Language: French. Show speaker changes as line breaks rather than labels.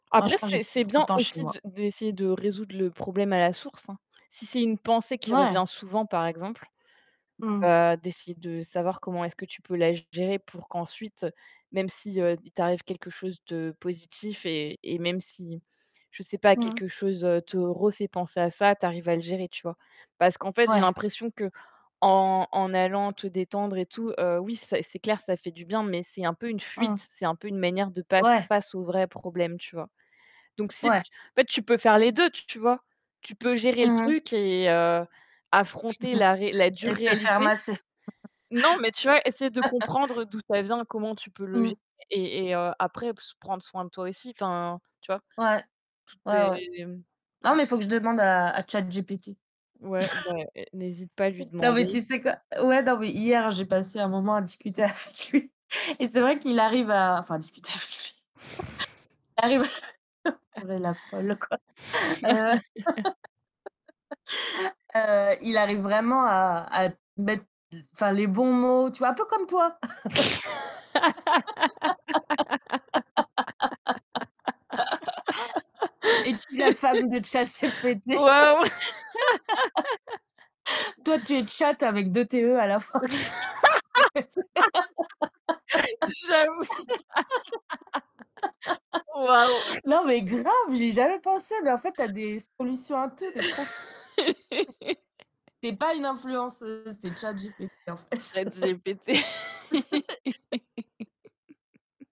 Moi
Après,
je pense
c'est
[unintelligible]
c'est
trop de
bien
temps chez
aussi
moi.
de d'essayer de résoudre le problème à la source, hein. Si c'est une pensée qui
Ouais.
revient souvent, par exemple,
Mmh mh.
heu, d'essayer de savoir comment est-ce que tu peux la gérer pour qu'ensuite, même si, heu, il t'arrive quelque chose de positif et et même si, je sais pas,
Mmh mh.
quelque chose, heu, te refait penser à ça, tu arrives à le gérer, tu vois? Parce qu'en fait, j'ai
Ouais.
l'impression qu'en en allant te détendre et tout, heu, oui, c'est c'est clair, ça fait du bien mais c'est un peu une
Mmh.
fuite. C'est un peu une manière de pas faire
Ouais.
face au vrai problème, tu vois? Donc, si t
Ouais.
en fait, tu peux faire les 2, tu vois? Tu peux gérer le
Mmh mh.
truc et heu, affronter la ré la dure
Et te faire
réalité.
masser.
Non, mais tu vois, essayer de comprendre d'où ça vient, comment tu peux le
Mmh.
gé et et heu, après p prendre soin de toi aussi, enfin, tu vois?
Ouais.
Tout
Ouais, ouais, ouais.
est mmh,
Non
tout
mais il faut que je demande à à ChatGPT.
Ouais, beh n'hésite pas à lui
Non mais
demander.
tu sais quoi? Ouais non mais hier j'ai passé un moment à discuter avec lui et c'est vrai qu'il arrive à enfin discuter avec lui. Il arrive à non mais la folle quoi. Heu, heu, il arrive vraiment à à te mettre d enfin les bons mots, tu vois? Un peu comme toi. Es-tu la femme de ChatGPT?
Waouh!
Toi tu es chatte avec 2 t, e, à la fin. ChatteGPT.
J'avoue! Waouh!
Non mais grave, j'ai jamais pensé, mais en fait tu as des solutions à tout, tu es trop f tu es pas une influenceuse, tu es ChatGPT en fait.
Chat GPT.